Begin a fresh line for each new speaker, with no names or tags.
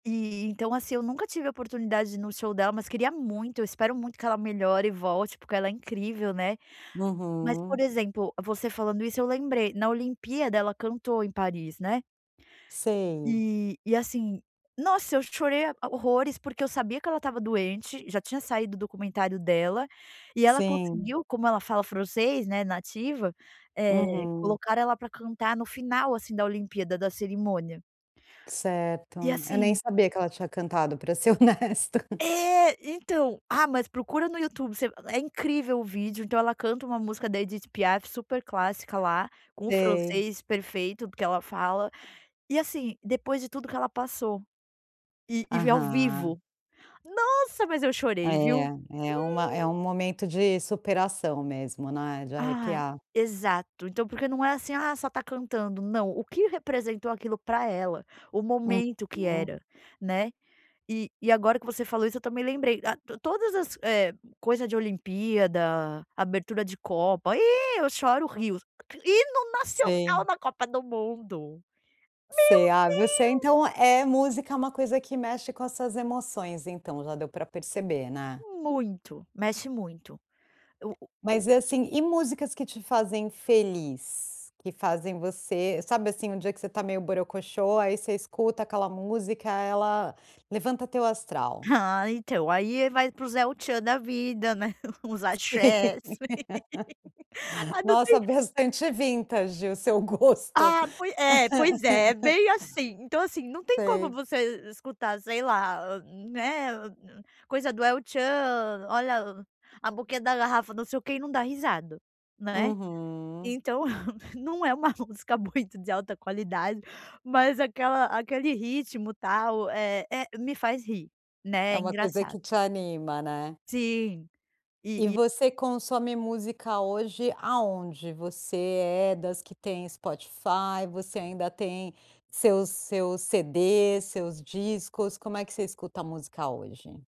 E então, assim, eu nunca tive oportunidade no show dela mas queria muito, eu espero muito que ela melhore e volte porque ela é incrível, né, mas por
Uhum.
exemplo você falando isso eu lembrei na olimpíada ela cantou em Paris, né.
Sei.
E, e assim, nossa eu chorei horrores porque eu sabia que ela estava doente, já tinha saído do documentário dela, e ela
Sim.
conseguiu como ela fala francês, né, nativa, eh,
Uhum.
colocar ela para cantar no final assim da olimpíada da cerimônia.
Certo,
E
eu nem
assim
sabia que ela tinha cantado para ser honesta.
É então, ah, mas procura no YouTube você é incrível o vídeo então ela canta um música da Edit Piaf super clássica lá, com o
Sei.
francês perfeito porque ela fala, e assim depois de tudo que ela passou, e e vê ao
Aham.
vivo. Nossa mas eu chorei viu?
É, é uma é um
Hum.
momento de superação mesmo, né, de
Ah,
arrepiar.
exato então porque não é assim, ah, só está cantando, não, o que representou aquilo para ela, o momento que
Uhum.
era, né, e e agora que você falou isso eu também lembrei, ah, todas as coisa de olimpíada, abertura de copa, ih, eu choro rios, hino nacional
Sim.
na copa do mundo.
Sei, ah, você
Meu Deus.
então é música é uma coisa que mexe com suas emoções então já deu para perceber, né.
Muito, mexe muito. O o o
Mas assim, e músicas que te fazem feliz? Que fazem você sabe assim um dia que você está meio borocoxô, aí você escuta aquela música ela levanta teu astral.
Ah, então aí ele vai para os é o tchan da vida, né, uns
Sim.
axés. Aí não tem
Nossa bastante vintage o seu gosto.
Ah, pois é, pois é bem assim então assim, não tem como
Sei.
você escutar sei lá, né, coisa do é o tchan, olha a boquinha da garrafa, não sei o que, e não dá risada, né.
Uhum.
Então não é uma música muito de alta qualidade, mas aquela aquele ritmo tal é é me faz rir,
É
né,
uma coisa
engraçado.
que te anima, né.
Sim,
E
e e
você consome música hoje aonde? Você é das que tem Spotify, você ainda tem seus seus CDs, seus discos, como é que você escuta música hoje?